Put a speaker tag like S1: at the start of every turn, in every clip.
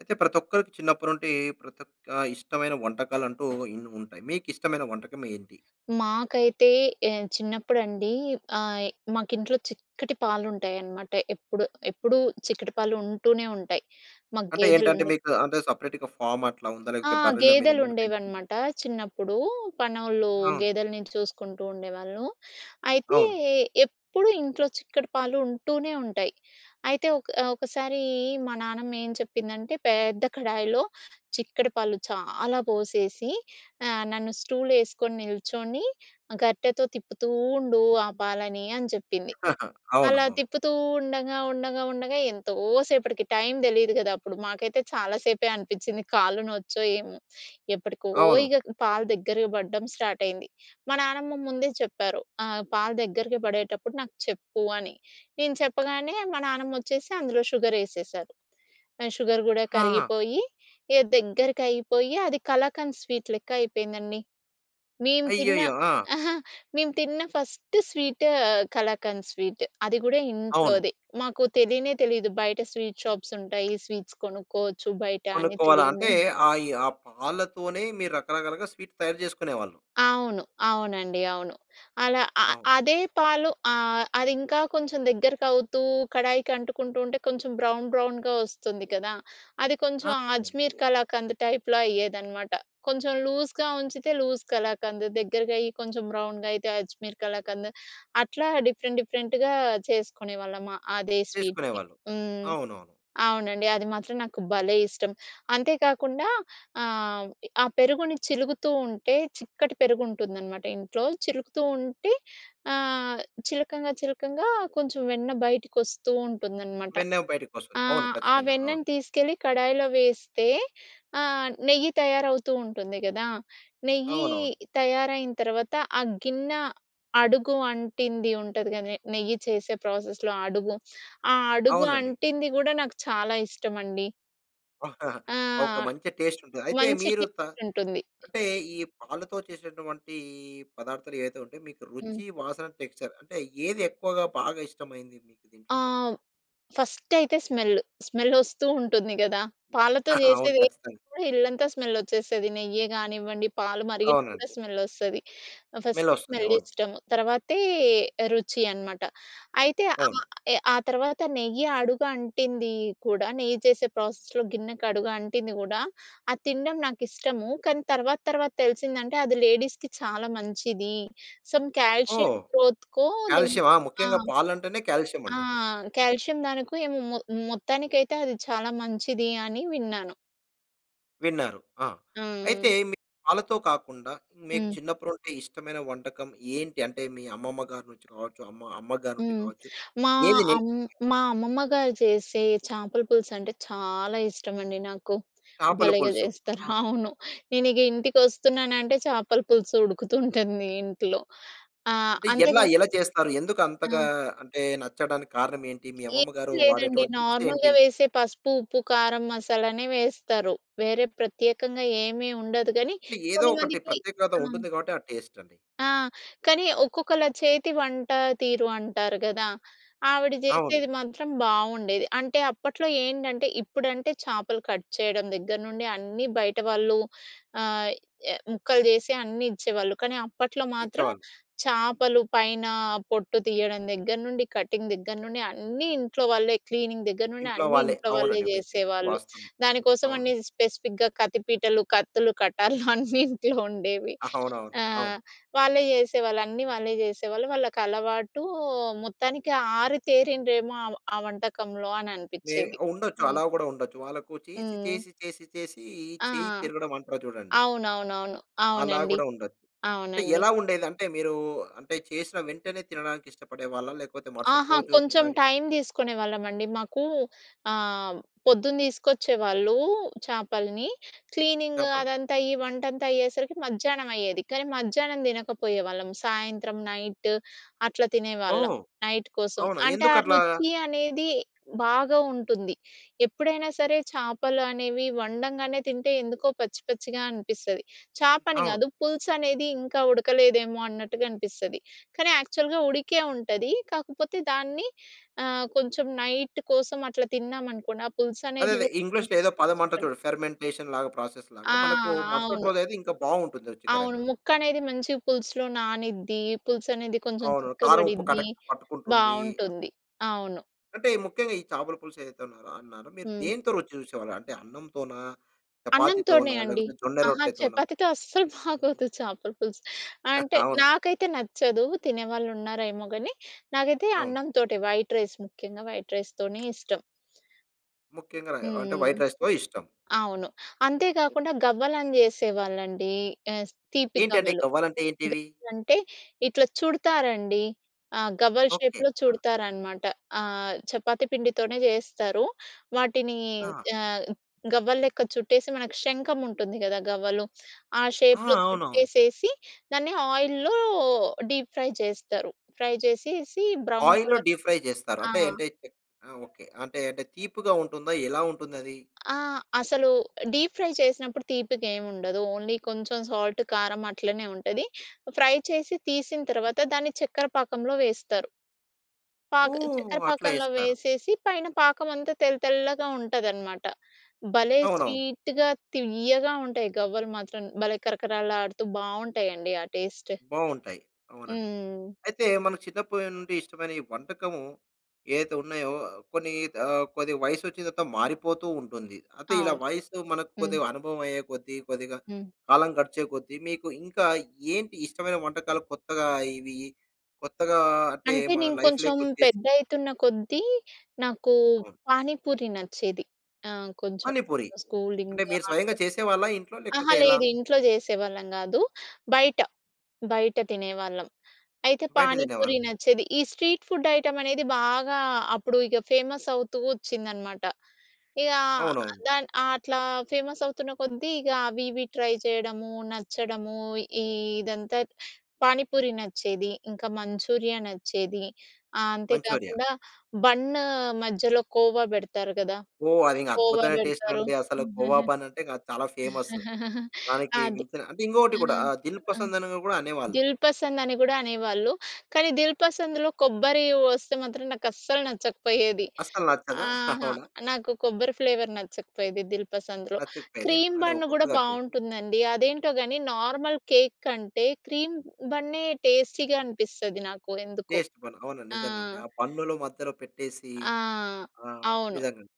S1: అయితే ప్రతి ఒక్కరికి చిన్నప్పటి నుండి ప్రతి ఒక్క ఆ ఇష్టమైన వంటకాలు అంటూ ఇన్ని ఉంటాయి. మీకు ఇష్టమైన వంటకం ఏంటి?
S2: మాకైతే ఏ చిన్నప్పుడండి ఆహ్, మాకు ఇంట్లో చిక్కటి పాలు ఉంటాయి అన్నమాట. ఎప్పుడు ఎప్పుడు చిక్కటి పాలుంటూనే ఉంటాయి. మాకు
S1: అంటే
S2: గేదెలు
S1: ఏంటంటే
S2: ఉండేవి.
S1: మీకు అంటే సెపరేట్‌గా ఫార్మ్ అట్లా ఉందా?
S2: ఆ!
S1: లేకపోతే బర్రెలు మీరు ఏమైనా పెంచుకుంటారా?
S2: గేదెలుండేవనమాట చిన్నప్పుడు. పనోళ్ళు
S1: అవును.
S2: గేదెలని చూసుకుంటూ ఉండేవాళ్ళు. అయితే
S1: అవును.
S2: ఎప్పుడూ ఇంట్లో చిక్కటి పాలు ఉంటూనే ఉంటాయి. అయితే ఒక ఒకసారి మా నాన్నమ్మ ఏం చెప్పిందంటే పేద్ద కడాయిలో చిక్కటి పాలు చాలా పోసేసి, ఆహ్, నన్ను "స్టూలేసుకొని నిల్చొని, గరిటెతో తిప్పుతూ ఉండు ఆ పాలని" అని చెప్పింది.
S1: అవును.
S2: అలా
S1: అవును.
S2: తిప్పుతూ ఉండంగా ఉండగా ఉండగా ఎంతో సేపటికి టైం తెలీదు కదా! అప్పుడు మాకైతే చాలా సేపే అనిపిచ్చింది కాలు నొచ్చో ఏమో? ఎప్పటికో
S1: అవును.
S2: ఇగ పాలు దగ్గరికి పడడం స్టార్టయింది. మా నానమ్మ ముందే చెప్పారు, "ఆహ్, పాలు దగ్గరికి పడేటప్పుడు నాకు చెప్పు" అని. నేను చెప్పగానే మా నానమ్మమోచ్చేసి అందులో షుగరెసేసారు. ఆ షుగర్ కూడా
S1: ఆ!
S2: కరిగిపోయి ఇగ దగ్గరికైపోయి, అది కళాకంద్ స్వీట్లెక్క అయిపోయిందండి. మేము తిన్న
S1: అయ్యయ్యో! ఆ!
S2: మేము తిన్న ఫస్ట్ స్వీట్ కళాకంద్ స్వీట్ అది కూడా
S1: అవును.
S2: ఇంట్లోది. మాకు తెలియనే తెలియదు, బయట స్వీట్ షాప్సుంటాయి, స్వీట్ కొనుక్కోవచ్చు బయట అని
S1: కొనుక్కోవాల.
S2: తెలిదు.
S1: అంటే ఆ ఈ ఆ పాలతోనే మీరు రకరకాలుగా స్వీట్ తయారు చేసుకునేవాళ్ళు.
S2: అవును. అవునండి. అవును. అలా అ
S1: అవును.
S2: అదే పాలు ఆహ్, అది ఇంకా కొంచెం దగ్గరకవుతూ కడాయికి అంటుకుంటూ ఉంటే, కొంచెం బ్రౌన్ బ్రౌన్‌గా వస్తుంది కదా! అది కొంచెం
S1: ఆ!
S2: అజ్మీర్ కళాకంద్ టైప్‌లో అయ్యేదనమాట. కొంచెం లూస్‌గా ఉంచితే లూస్ కళాకంద్ దగ్గరగై కొంచెం బ్రౌన్‌గైతే అజ్మీర్ కళాకంద్. అట్లా డిఫరెంట్ డిఫరెంట్‌గా చేసుకునేవాళ్ళం అదే స్వీట్‌ని.
S1: చేసుకునేవాళ్ళు.
S2: హ్మ్.
S1: అవునవును.
S2: అవునండి. అది మాత్రం నాకు భలే ఇష్టం. అంతే కాకుండా ఆహ్, ఆ పెరుగుని చిలుకుతూ ఉంటే చిక్కటి పెరుగు ఉంటుందనమాట ఇంట్లో. చిలుకుతూ ఉంటే ఆహ్, చిలకంగా చిలకంగా కొంచెం వెన్న బయటకి వస్తూంటుందనమాట.
S1: వెన్నె బయటికొస్తుంది. అవును
S2: ఆహ్, ఆ
S1: ఖచ్చితంగా. అవును.
S2: వెన్నను తీసుకెళ్ళి కడాయిలో వేస్తే, ఆహ్, నెయ్యి తయారవుతూంటుంది కదా! నెయ్యి
S1: అవునవును.
S2: తయారయిన తర్వాత ఆ గిన్నె అడుగు అంటింది ఉంటుంది. కాని నెయ్యి చేసే ప్రాసెస్‌లో అడుగు. ఆ అడుగు
S1: అవునండి.
S2: అంటింది కూడా నాకు చాలా ఇష్టమండి. ఆ!
S1: ఒక మంచి టేస్టుంటది. అయితే,
S2: మంచి
S1: మీరు త
S2: టేస్టుంటుంది.
S1: అంటే, ఈ పాలతో చేసేటువంటీ పదార్థాలేవైతే ఉంటాయో, మీకు
S2: హ్మ్.
S1: రుచి, వాసన, టెక్స్‌చర్ అంటే, ఏది ఎక్కువగా బాగా ఇష్టమైంది మీకు దీంట్లో?
S2: ఆవ్ ఫస్టయితే స్మెల్లు. స్మెల్లొస్తూ ఉంటుంది గదా! పాలతో
S1: ఆహా! అవును,
S2: చేసేదేదైనా
S1: ఖచ్చితంగా.
S2: కూడా ఇల్లంతా స్మెల్లొచ్చేసేది. నెయ్యే గానివ్వండి, పాలు మరిగినా గూడా
S1: అవునండి.
S2: స్మెల్లొస్తది. ఆహ్, ఫస్ట్
S1: స్మెల్లొస్తంది. అవును.
S2: స్మెల్లిష్టము. తర్వాతే రుచి అనమాట. అయితే,
S1: అవును.
S2: ఆహ్, ఎ ఆ తర్వాత నెయ్యి అడుగు అంటిందీ కూడా, నెయ్యి చేసే ప్రాసెస్‌లో గిన్నెకు అడుగు అంటింది గూడా, అది తినడం నాకిష్టము, కానీ తర్వాత తర్వాత తెలిసిందంటే, అది లేడీస్‌కి చాలా మంచిది. సమ్ కాల్షియం
S1: ఓహ్!
S2: గ్రోత్‌కో,
S1: కాల్షియమా?
S2: దేనికో ఆ!
S1: ముఖ్యంగా పాలంటేనే
S2: ఆ!
S1: కాల్షియమండి.
S2: కాల్షియం దానికో ఏమో, మొ మొత్తానికైతే అది చాలా మంచిది అని విన్నాను.
S1: విన్నారు. ఆ!
S2: ఆ!
S1: అయితే, మీకు పాలతో కాకుండా, మీకు
S2: హ్మ్.
S1: చిన్నప్పురుండే ఇష్టమైన వంటకం ఏంటి? అంటే, మీ అమ్మమ్మ గారు నుంచి కావచ్చు, అమ్మ అమ్మగారు నుండి
S2: హ్మ్.
S1: కావచ్చు
S2: మా
S1: నేదినిల్
S2: అమ్ మా అమ్మమ్మ గారు చేసే చేపల పులుసంటే చాలా ఇష్టమండి నాకు.
S1: చేపల
S2: భలేగా
S1: పులుసు.
S2: చేస్తారు.
S1: వావ్!
S2: అవును. నేను ఇగ ఇంటికొస్తున్ననంటే చేపల పులుసు ఉడుకుతుంటుంది ఇంట్లో. ఆ!
S1: అంటే, ఎల్లా
S2: అంతేగా
S1: ఎలా చేస్తారు? ఎందుకు అంతగా
S2: ఆ!
S1: అంటే, నచ్చడానికి కారణమేంటి? మీ అమ్మమ్మ
S2: ఏమి
S1: గారు
S2: లేదండి.
S1: వాడేటువంటి
S2: నార్మల్‌గా
S1: టిప్సేంటి?
S2: వేసే పసుపు, ఉప్పు, కారం, మసాలానే వేస్తారు. వేరే ప్రత్యేకంగా ఏమీ ఉండదు, గానీ
S1: ఏదో ఒకటి
S2: కొంతమందికి
S1: ప్రత్యేకత
S2: ఆ!
S1: ఉంటుంది గాబట్టి ఆ టేస్టండి.
S2: ఆ! కానీ, ఒక్కొక్కళ్ళ చేతి వంటా తీరు అంటారు గదా! ఆవిడ
S1: అవును.
S2: జేసేది మాత్రం బావుండేది. అంటే, అప్పట్లో ఏంటంటే, ఇప్పుడంటే చేపలు కట్ చెయ్యడం దగ్గర నుండి అన్నీ బయట వాళ్ళు ఆహ్, ఎ ముక్కలు చేసి అన్నీ ఇచ్చేవాళ్ళు, కానీ అప్పట్లో మాత్రం
S1: ఇచ్చేవాళ్ళు.
S2: చేపలు పైనా పొట్టు తియ్యడం దగ్గర నుండి, కటింగ్ దగ్గర నుండి అన్నీ ఇంట్లో వాళ్ళే. క్లీనింగ్ దగ్గర నుండి
S1: ఇంట్లో
S2: అన్నీ
S1: వాళ్ళే.
S2: ఇంట్లో వాళ్ళే
S1: అవునండి. మీరు చెప్పింది
S2: చేసేవాళ్ళు.
S1: వాస్తవమే.
S2: దాని
S1: అవును.
S2: కోసవనీ స్పెసిఫిక్‌గా కత్తి పీటలు, కత్తులు, కటార్లు అన్నీ ఇంట్లో ఉండేవి.
S1: అవునవును.
S2: ఆ!
S1: అవును.
S2: వాళ్లే చేసేవాళ్ళు. అన్నీ వాళ్ళే చేసేవాళ్ళు. వాళ్ళకలవాటూ, మొత్తానికి ఆరితేరిండ్రేమో ఆమ ఆ వంటకంలో
S1: మే
S2: అననిపిచ్చేది.
S1: ఉండొచ్చు.
S2: హ్మ్.
S1: అలా గూడా ఉండొచ్చు. వాళ్ళకు చేసి,
S2: హ్మ్.
S1: చేసి, చేసి, చేసీ,
S2: ఆ!
S1: చెయ్యి తిరగడమంటారు చూడండి.
S2: అవునవునవును.
S1: అలా
S2: అవునండి.
S1: గూడా ఉండొచ్చు. అంటే,
S2: అవునండి.
S1: ఎలా ఉండేది? అంటే, మీరూ అంటే, చేసిన వెంటనే తినడానికిష్టపడేవాళ్ళా? లేకపోతే మరుసటి
S2: అహా!
S1: రోజు
S2: కొంచం
S1: తినడానికి
S2: టైం తీసుకునేవాళ్ళమండి. మాకూ ఆహ్, పొద్దున తీసుకొచ్చేవాళ్ళూ చేపలని. క్లీనింగు
S1: చేపలు.
S2: అదంతా అయ్యి వంటంతా అయ్యేసరికి మధ్యానమయ్యేది, కానీ మధ్యానం తినకపోయేవాళ్ళం. సాయంత్రం, నైట్ అట్లా తినేవాళ్ళం,
S1: ఓహ్!
S2: నైట్ కోసం.
S1: అవునా,
S2: అంటే, ఆ
S1: ఎందుకట్లాగా?
S2: రుచి అనేది బాగా ఉంటుంది. ఎప్పుడైనా సరే చేపలు అనేవి వండంగానే తింటే, ఎందుకో పచ్చి పచ్చిగా అనిపిస్తది. చేపని
S1: అవును.
S2: గాదు, పులుసనేది ఇంకా ఉడకలేదేమో అన్నట్టుగా అనిపిస్తది, కానీ యాక్చల్‌గా ఉడికే ఉంటది. కాకపోతే, దాన్ని ఆహ్, కొంచెం నైట్ కోసం అట్లా తిన్నామనుకోండి, ఆ పులుసనేది
S1: అదదే.
S2: గూడా [unintelligible]
S1: ఇంగ్లీష్‌లో ఏదో పదమంటారు
S2: ఇష్టపడి
S1: చూడండి, ఫెర్మెంటేషన్‌లాగా,
S2: ఆ!
S1: ప్రాసెస్‌లాగా. మనకు మరుసటి
S2: అవును.
S1: రోజయితే ఇంకా బావుంటుంది,
S2: అవును.
S1: రుచికరంగా.
S2: ముక్కనేది మంచిగా పులుసులో నానిద్ది. పులుసనేది కొంచెం
S1: అవును. కారం, ఉప్పు
S2: చిక్కబడిద్ది.
S1: కరెక్ట్‌గా పట్టుకుంటుందీ అట్లా.
S2: బావుంటుంది. అవును.
S1: అంటే ముఖ్యంగా ఈ చాపల పులుసు ఏదైతే అన్నారో అన్నారో మీరు
S2: హ్మ్.
S1: దేనితో రుచి చూసేవారు? అంటే అన్నంతోనా?
S2: అన్నంతోనే
S1: చపాతీతోనా?
S2: అండి.
S1: లేకపోతే జొన్న
S2: అహ!
S1: రొట్టెతోనా?
S2: చపాతీతో అస్సలు బాగోదు చేపల పులుసు. అంటే
S1: అవునా?
S2: నాకైతే నచ్చదు, తినే వాళ్ళున్నారేమో గాని. నాకైతే
S1: అవును.
S2: అన్నంతోటే, వైట్ రైస్ ముఖ్యంగా వైట్ రైస్‌తోనే ఇష్టం.
S1: ముఖ్యంగా రై అంటే
S2: హ్మ్.
S1: వైట్ రైస్‌తో ఇష్టం.
S2: అవును. అంతే కాకుండా గవ్వలు అని చేసేవాళ్ళండి. ఆహ్, తీపి
S1: ఏంటంటే
S2: గవ్వలు.
S1: గవ్వాలంటే ఏంటివి?
S2: గవ్వలంటే ఇట్లా చుడతారండి. ఆహ్, గవ్వల
S1: ఓకె.
S2: షేప్‌లో
S1: ఆ!
S2: చుడతారన్నమాట. ఆహ్, చపాతీ పిండితోనే చేస్తారు. వాటిని
S1: ఆ!
S2: ఆహ్, గవ్వల లెక్క చుట్టేసి, మనకు శంఖం ఉంటుంది కదా గవ్వలు. ఆ
S1: ఆహా!
S2: షేప్‌లో
S1: అవునవును.
S2: చుట్టేసేసి, దాన్ని ఆయిల్‌లో డీప్ ఫ్రై చేస్తారు. ఫ్రై చేసేసి బ్రౌన్
S1: ఆయిల్‌లో
S2: కలర్
S1: డీప్ ఫ్రై చేస్తారు.
S2: ఆ!
S1: అంటే, అంటే చె ఆహ్, ఓకె అంటే, అంటే తీపిగా ఉంటుందా? ఎలా ఉంటుందది?
S2: ఆ! అసలు డీప్ ఫ్రై చేసినప్పుడు తీపిగా ఏమి ఉండదు. ఓన్లీ కొంచెం సాల్ట్, కారం అట్లనే ఉంటది. ఫ్రై చేసి తీసిన తర్వాత దాన్ని చక్కర పాకంలో వేస్తారు. పాక
S1: ఓహ్!
S2: చక్కర
S1: అట్లా
S2: పాకంలో
S1: చేస్తారు.
S2: వేసేసి, పైన పాకం అంతా తెల్ల తెల్లగా ఉంటదన్నమాట. భలే
S1: అవునవును.
S2: స్వీట్‌గా, తియ్యగా ఉంటాయి గవ్వలు మాత్రం. భలే కరకరలాడుతూ బాగుంటాయి అండి. ఆ టేస్ట్.
S1: బాగుంటాయి. అవునండి.
S2: హ్మ్.
S1: అయితే మనకు చిన్నప్పటి నుండి ఇష్టమైన వంటకము ఏదైతే ఉన్నాయో కొన్ని ఆహ్, కొద్దిగా వయసు వచ్చిన తర్వాత మారిపోతూ ఉంటుంది. అంటే, ఇలా
S2: అవును.
S1: వయస్సు మనకు
S2: హ్మ్.
S1: కొద్దిగా అనుభవం అయ్యే కొద్దీ, కొద్దిగా
S2: హ్మ్.
S1: కాలం గడిచే కొద్దీ, మీకు ఇంకా ఏంటి ఇష్టమైన వంటకాలు. కొత్తగా ఇవి కొత్తగా అంటే,
S2: అంటే,
S1: మన
S2: నేను కొంచెం
S1: లైఫ్‌లోకొచ్చేసి
S2: పెద్దయితున్న కొద్దీ నాకు
S1: అవును.
S2: పానీపూరి నచ్చేది. ఆహ్, కొంచెం
S1: పానిపూరి. అంటే,
S2: స్కూలింగు
S1: మీరు
S2: ఆ
S1: స్వయంగా
S2: టైమ్.
S1: చేసేవాళ్ళా ఇంట్లో?
S2: అహా!
S1: లేకపోతే ఎలా?
S2: లేదు ఇంట్లో చేసేవాళ్ళం కాదు. బయట, బయట తినేవాళ్ళం. అయితే,
S1: బయట
S2: పానీపూరి
S1: తినేవాళ్ళు.
S2: నచ్చేది. ఈ స్ట్రీట్ ఫుడ్ ఐటెమ్ అనేది బాగా అప్పుడు ఇక ఫేమస్ అవుతూ వచ్చిందనమాట. ఇగా
S1: అవునవును.
S2: దాన్ అట్లా ఫేమస్ అవుతున్న కొద్దీ ఇక అవి, ఇవి ట్రై చేయడము, నచ్చడము, ఇదంతా పానిపూరి నచ్చేది. ఇంకా మంచూరియా నచ్చేది. ఆహ్,
S1: మంచూరియా.
S2: అంతేకాకుండా బన్ను మధ్యలో కోవా పెడతారు కదా!
S1: ఓహ్, అది ఇంక
S2: కోవా
S1: అద్భుతమైన టేస్ట్
S2: పెడతారు.
S1: అండి. అసలు కోవా బన్ అంటే, చాలా ఫేమస్. దానికి
S2: అది
S1: మించిన అంటే ఇంకొకటి కూడా
S2: హ్మ్.
S1: ఆహ్,
S2: ఆ!
S1: దిల్‌పసందని కూడా అనేవాళ్ళు.
S2: దిల్‌పసంద్ అని కూడా అనేవాళ్ళు. కానీ, దిల్‌పసంద్‌లో కొబ్బరి వస్తే మాత్రం నాకస్సలు నచ్చకపోయేది.
S1: అస్సలు నచ్చదా?
S2: ఆహా!
S1: అవునా?
S2: నాకు కొబ్బరి ఫ్లేవర్ నచ్చకపోయేది దిల్‌పసంద్‌లో.
S1: నచకపోయెది.
S2: క్రీమ్
S1: అంటే
S2: బన్ కూడా
S1: ఒక్కొక్కరిది ఆ టేస్ట్.
S2: బాగుంటుందండి, అదేంటో గాని నార్మల్ కేక్ కంటే క్రీమ్ బన్నే టేస్టీగా అనిపిస్తుంది నాకు ఎందుకో.
S1: టెస్ట్ బన్, అవును.
S2: ఆ!
S1: నిజంగా ఆ బన్నుల మధ్యలో పెట్టేసి
S2: ఆ!
S1: ఆహ్,
S2: అవును.
S1: నిజంగాండి.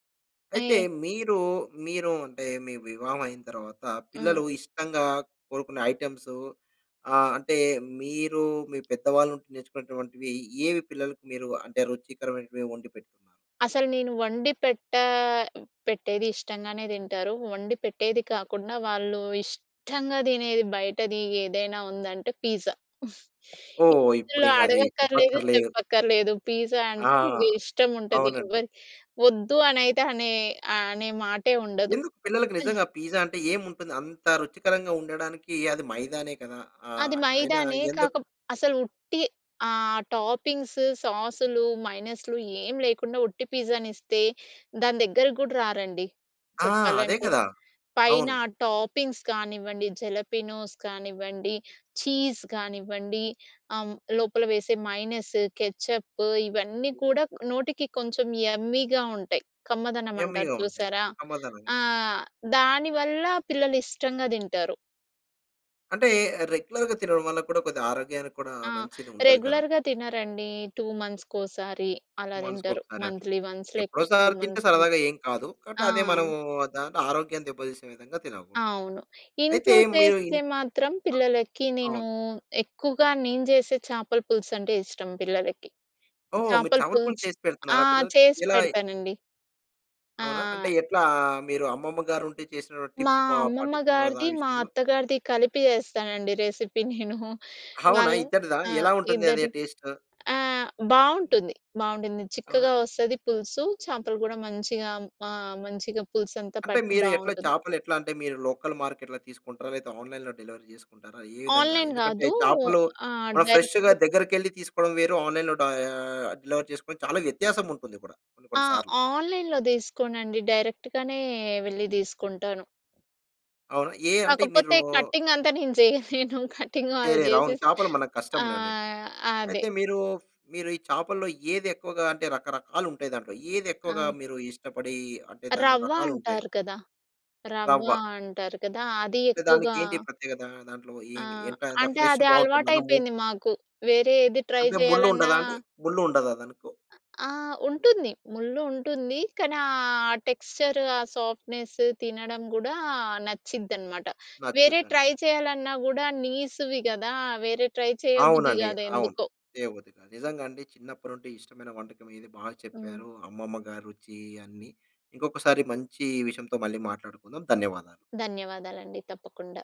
S2: ఏ
S1: అయితే మీరు, మీరు అంటే మీ వివాహం అయిన తరువాత
S2: హ్మ్.
S1: పిల్లలు ఇష్టంగా కోరుకునే ఐటెమ్స్ ఆహ్, అంటే మీరు మీ పెద్దవాళ్ళు ఉండి నేర్చుకునేటువంటివి, ఏవి పిల్లలకి మీరు అంటే రుచికరమైన వండి పెడుతున్నారు?
S2: అసలు నేను వండి పెట్టా పెట్టేది ఇష్టంగానే తింటారు. వండి పెట్టేది కాకుండా, వాళ్ళు ఇష్టంగా తినేది బయటది ఏదైనా ఉందంటే, పిజ్జా.
S1: ఓహ్, ఇప్పుడు
S2: ఇందులో
S1: ఇంకా అది
S2: అడగక్కర్లేదు,
S1: చెప్పక్కర్లేదు.
S2: చెప్పక్కర్లేదు. పిజ్జా
S1: ఆ!
S2: అంటే ఇష్టం ఉంటది.
S1: అవునండి.
S2: ఎవర్ వద్దు అనయితే అనే ఆహ్, అనే మాటే ఉండదు.
S1: ఎందుకు పిల్లలకి నిజంగా పిజ్జా అంటే ఏముంటుంది? అంత రుచికరంగా ఉండడానికి అది మైదానే కదా!
S2: అది
S1: ఆహ్, అయినా
S2: మైదానే.
S1: ఎందుకు?
S2: కాకప్ అసలు ఉట్టి ఆహ్, టాపింగ్స్ సాసులు, మైనీస్‌లూ ఏం లేకుండా ఉట్టి పిజ్జాని ఇస్తే దాని దగ్గరకి కూడా రారండి.
S1: ఆ! అదే
S2: చెప్పాలంటే.
S1: కదా!
S2: పైన
S1: అవును.
S2: టాపింగ్స్ కానివ్వండి, జలపనోస్ కానివ్వండి, చీజ్ కానివ్వండి ఆహ్, హ్మ్, లోపల వేసే మైనీస్, కెచప్పు ఇవన్నీ కూడా నోటికి కొంచెం యమ్మీగా ఉంటాయి. కమ్మదనం అంటారు
S1: యమ్మీ‌గా ఉంటాయి.
S2: చూసారా.
S1: కమ్మదనంగా.
S2: ఆ! దానివల్ల పిల్లలు ఇష్టంగా తింటారు.
S1: అంటే రెగ్యులర్‌గా తినడం వల్ల కూడా, కొద్ది ఆరోగ్యానికి కూడా
S2: ఆ!
S1: మంచిదుండదు కదా!
S2: రెగ్యులర్‌గా తినరండీ. 2 మంత్స్‌కోసారి
S1: 2
S2: అలా
S1: మంత్స్‌కి
S2: దింటరు.
S1: ఒకసారి అట్లా,
S2: మం‌త్‌లీ వన్స్ లేకపోతే 2
S1: ఎప్పుడోసారి తింటే
S2: మంత్స్‌ అంతే.
S1: సరదాగా ఏం కాదు. కాబట్టి
S2: ఆ!
S1: అదే మనం దాన్ని ఆరోగ్యం దెబ్బతీసే విధంగా తినకూడదు.
S2: అవును.
S1: అయితే
S2: ఇంట్లో
S1: మీరు
S2: చేస్తే
S1: ఇన్
S2: మాత్రం పిల్లలకి నేనూ,
S1: అవును.
S2: ఎక్కువగా నేను జేసే చేపల పులుసంటే ఇష్టం పిల్లలకి.
S1: ఓహ్! మీరు
S2: చేపల
S1: చేపలపులుసు
S2: పులుసు
S1: చేసి
S2: ఆ!
S1: పెడుతున్నారా పిల్లలకి?
S2: చేసి
S1: ఎలా‌యి
S2: పెడతానండి.
S1: అవునా? అంటే
S2: ఆ!
S1: ఎట్లా మీరు అమ్మమ్మ గారు ఉంటే చేసినటువటి
S2: మా
S1: టిప్స్ పా
S2: అమ్మమ్మ
S1: పాటిస్తున్నారా ద ఆ
S2: గారిది, మా
S1: విషయంలో?
S2: అత్తగారిది కలిపి చేస్తానండి రెసిపీ నేనూ.
S1: అవునా?
S2: వాళ్ళు
S1: ఇద్దరిదా
S2: ఆ!
S1: ఎలా ఉంటుంది, అదే
S2: ఇద్దరిది
S1: టేస్ట్?
S2: ఆహ్, బావుంటుంది, బావుంటుంది
S1: అవునా?
S2: చిక్కగా వస్తది పులుసు, చేపలు కూడా మంచిగా మా మంచిగా పులుసంతా
S1: అంటే
S2: పట్టి
S1: మీరు ఎట్లా,
S2: బావుంటుంది.
S1: చేపలు ఎట్లాంటే మీరు లోకల్ మార్కెట్‌లో తీసుకుంటరా? లేతే ఆన్‌లైన్‌లో డెలివరీ జేసుకుంటారా? ఏ విధంగా,
S2: ఆన్‌లైన్‌
S1: ఎందుకంటే
S2: గాదూ.
S1: చేపలూ,
S2: ఆ!
S1: మనం ఫ్రెష్‌గా
S2: డైరెక్ట్‌గా
S1: దగ్గరికెళ్లి తీసుకోడం వేరు, ఆన్‌లైన్‌లో డయా డెలివరీ చేసుకోడం చాలా వ్యత్యాసం ఉంటుంది కూడా కొన్ని
S2: ఆ!
S1: కొన్ని సార్లు.
S2: ఆన్‌లైన్‌లో దీసుకోనండి. డైరెక్ట్‌గానే వెళ్ళి దీసుకుంటాను.
S1: అవునా? ఏ అంటే మీరూ
S2: కాకపోతే కటింగ్ అంతా నేను జెయ్యలేను కటింగ్ ఆళ్ళు
S1: చేయలేరు. అవును
S2: జేసేసి
S1: చేపలు మనకు
S2: ఆ!
S1: కష్టంలే అవన్నీను.
S2: అదే.
S1: అయితే మీరూ, మీరు ఈ చేపల్లో ఏది ఎక్కువగా అంటే రకరకాలుంటాయి దాంట్లో. ఏది ఎక్కువగా
S2: ఆ!
S1: మీరు ఇష్టపడీ అంటే దాంట్లో
S2: రవ్వ
S1: రకాలుంటాయి.
S2: అంటారు కదా! రవ్వ
S1: రవ్వ.
S2: అంటారు కదా! అది
S1: అంటే
S2: ఎక్కువగా
S1: దానికేంటి ప్రత్యేకతా? దాంట్లో
S2: ఆ!
S1: ఏమి ఎంట దాని
S2: అంటే
S1: ఫ్లష్
S2: అది
S1: బావుంటుందనము
S2: అలవాటయిపోయింది మాకు. వేరే ఏది ట్రై
S1: అంటే
S2: జేయాలన్నా
S1: ముళ్ళుండదా అండి? ముళ్ళుండదాదనుకు?
S2: ఆహ్, ఉంటుంది ముళ్ళు ఉంటుంది కానీ ఆ టెక్స్చరు, ఆ సాఫ్ట్‌నెస్సు, తినడం గూడా న‌చిద్దనమాట. వేరే
S1: నచ్చుద్దండి.
S2: ట్రై చేయాలన్నా గూడా నీసివి గదా! వేరే ట్రై చేయబుద్ధి
S1: అవునండి,
S2: గాదు
S1: అవును.
S2: ఎందుకో.
S1: చేయబుద్ధి కాదు. నిజంగండి చిన్నప్పటినుండి ఇష్టమైన వంటకం ఇది బాగా
S2: హ్మ్.
S1: చెప్పారు. అమ్మమ్మ గారి రుచి అన్నీ, ఇంకొకసారి మంచి విషయంతో మళ్ళీ మాట్లాడుకుందాం. ధన్యవాదాలు.
S2: ధన్యవాదాలండి, తప్పకుండా.